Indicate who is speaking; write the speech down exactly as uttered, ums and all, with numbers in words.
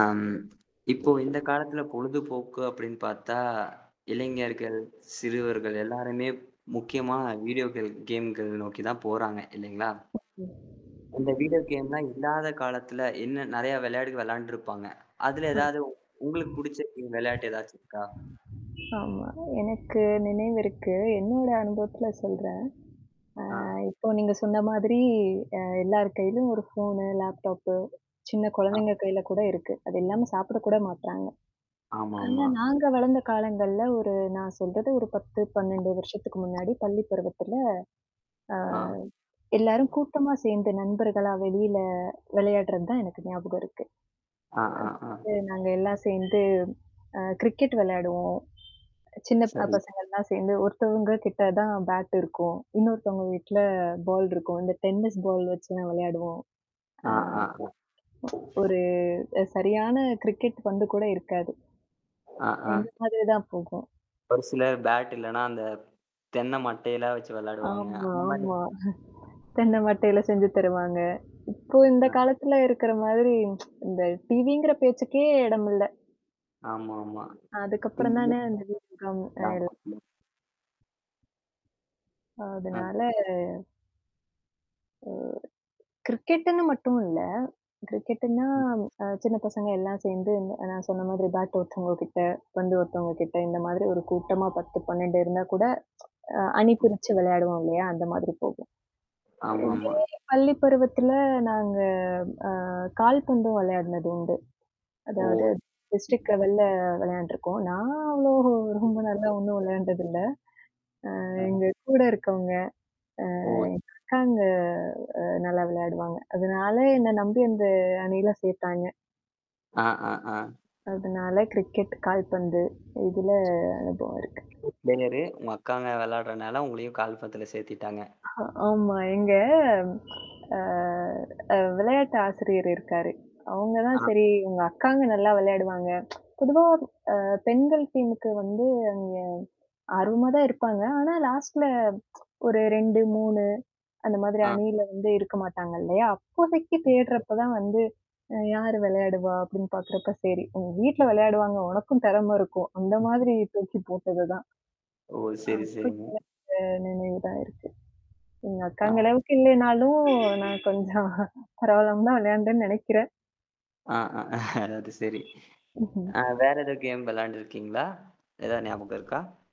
Speaker 1: ஆம். இப்போ இந்த காலத்துல பொழுதுபோக்கு அப்டின்னு பார்த்தா, இளைஞர்கள், சிறுவர்கள் எல்லாருமே முக்கியமான வீடியோக்கள் கேம்கள நோக்கி தான் போறாங்க இல்லைங்களா? இந்த வீடியோ கேம்லாம் இல்லாத காலத்துல
Speaker 2: [unintelligible]
Speaker 1: என்ன நெறைய வெளையாடு வெளையாண்டுருப்பாங்க. அதுல
Speaker 2: ஹ
Speaker 1: ஏதாவது உங்களுக்கு புடிச்ச கேம் வெளையாட்டு ஏதாச்சும் இருக்கா?
Speaker 2: ஆமா. எனக்கு நினைவு இருக்கு. என்னோட அனுபவத்தில சொல்றேன். ஆ
Speaker 1: ஆ.
Speaker 2: இப்ப நீங்க சொன்ன மாதிரி அ எல்லார் கையிலயும் ஒரு ஃபோனு, லேப்டாப்பு. சின்ன
Speaker 1: ஆ.
Speaker 2: கொழந்தைங்க கையில கூட இருக்கு. அது இல்லாம சாப்பிட கூட மாட்றாங்க. ஆனா
Speaker 1: ஆமாமா.
Speaker 2: நாங்க வளர்ந்த காலங்கள்ல ஒரு நான் சொல்றது ஒரு பத்து, பன்னெண்டு வருஷத்துக்கு முன்னாடி, பள்ளி பருவத்தில. ஆ.
Speaker 1: ஆ.
Speaker 2: எல்லாரும் கூட்டமா சேர்ந்த நண்பர்களா வெளியில வெளையாடுறது தான் எனக்கு ஞாபகம் இருக்கு.
Speaker 1: ஆ, ஆ, ஆ.
Speaker 2: அடுத்து நாங்க எல்லாம் சேர்ந்து அ கிரிக்கெட் விளையாடுவோம் சின்ன ப
Speaker 1: சரி.
Speaker 2: பசங்கள்லாம் சேர்ந்து, ஒருத்தவங்க கிட்ட தான் பேட் இருக்கும். இன்னொருத்தவங்க வீட்ல பால் இருக்கும். இந்த டென்னிஸ் பால் வச்சு நான் விளையாடுவோம். ஆ,
Speaker 1: ஆ, ஆ, ஆ.
Speaker 2: ஒரு அ சரியான கிரிக்கெட் பந்து கூட இருக்காது.
Speaker 1: ஆ, ஆ.
Speaker 2: இந்த மாதிரி தான் போகும்.
Speaker 1: ஒரு சிலர் பேட் இல்லன்னா, அந்த தென்ன மட்டையெல்லாம் வச்சு வெளையாடுவாங்க.
Speaker 2: ஆமா,
Speaker 1: அந்த மாரி
Speaker 2: ஆமா.
Speaker 1: நீங்க?
Speaker 2: தென்ன மட்டையில செஞ்சு தருவாங்க. இப்போ இந்த
Speaker 1: ஆ.
Speaker 2: காலத்துல இருக்கிற மாதிரி இந்த டிவிங்கிற பேச்சுக்கே இடம் இல்ல.
Speaker 1: ஆமாமா.
Speaker 2: அதுக்கப்புறம்
Speaker 1: இதுல
Speaker 2: தானே அந்த
Speaker 1: [unintelligible]
Speaker 2: வீடியோ கேம்
Speaker 1: நான்
Speaker 2: [unintelligible]
Speaker 1: ம் ஆ.
Speaker 2: அதனால ஓ. கிரிக்கெட்டுன்னு மட்டும் இல்ல. கிரிக்கெட்டுன்னா,
Speaker 1: ம்.
Speaker 2: அ சின்ன பசங்க எல்லாம் சேர்ந்து இந்த நான் சொன்ன மாதிரி பேட் ஒருத்தவங்க கிட்ட, வந்து ஒருத்தவங்க கிட்ட இந்த மாதிரி ஒரு கூட்டமா பத்து, பன்னெண்டு இருந்தா கூட அ அணி
Speaker 1: ம்.
Speaker 2: பிரிச்சு விளையாடுவோம் இல்லையா? அந்த மாதிரி போகும். இதே
Speaker 1: ஆமாமா.
Speaker 2: பள்ளி பருவத்தில நாங்க அ கால்பந்தும் விளையாடனது உண்டு.
Speaker 1: ஓ.
Speaker 2: அதாவது டிஸ்ட்ரிக்ட்
Speaker 1: ம்ஹ்ம்.
Speaker 2: லெவல்ல வெளையாண்டுருக்கோம். நான் அவ்வளோ ரொம்ப நல்லா ஒண்ணும் வெளையாண்டது இல்ல. ஆ
Speaker 1: அஹ.
Speaker 2: எங்க கூட இருக்கவங்க. அ
Speaker 1: ஓ.
Speaker 2: எங்க அக்காங்க அ நல்லா விளையாடுவாங்க. அதனால என்ன நம்பி அந்த அணியில சேர்த்தாங்க.
Speaker 1: அ, ஆ, ஆ.
Speaker 2: அதனால கிரிக்கெட், கால்பந்து இதுல அனுபவம் இருக்கு.
Speaker 1: [unintelligible] பிளேயர் உங்க அக்காங்க வெளையாடுறனால உங்களையும் கால்பந்துல சேர்த்திட்டாங்க?
Speaker 2: அஹ ஆமா. எங்க அ அ வெளையாட்டு ஆசிரியர் இருக்காரு. அவங்க
Speaker 1: ஆ.
Speaker 2: தான் சரி உங்க அக்காங்க நல்லா வெளையாடுவாங்க. பொதுவா அ பெண்கள் டீமுக்கு வந்து அங்க ஆர்வமா தான் இருப்பாங்க. ஆனா லாஸ்ட்ல ஒரு ரெண்டு, மூணு அந்த மாதிரி
Speaker 1: ஆ.
Speaker 2: அணியில வந்து இருக்க மாட்டாங்க இல்லையா? அப்போதைக்கு தேடுறப்ப தான் வந்து யாரு விளையாடுவா? அப்டின்னு பார்கறப்ப சரி உங்க வீட்ல விளையாடுவாங்க உனக்கும் திறமை இருக்கும். அந்த மாதிரி இழுத்து வச்சு போட்டது தான்.
Speaker 1: ஓ! சரி,
Speaker 2: அ சு
Speaker 1: சரிங்க.
Speaker 2: [unintelligible] அ நினைவுதான் இருக்கு. எங்க அக்காங்க
Speaker 1: ஆ.
Speaker 2: அளவுக்கு இல்லனாலும் நான் கொஞ்சம் பரவால்லாம தான் வெளையாண்டேன்னு நெனைக்கிறேன்
Speaker 1: ஆ, அ, அது சரி.
Speaker 2: ம்ஹம்
Speaker 1: ஆ
Speaker 2: ம்ஹ்ம்.
Speaker 1: வேற எதாது கேம் விளையாண்டுருக்கீங்களா? எதாவது ஞாபகம் இருக்கா?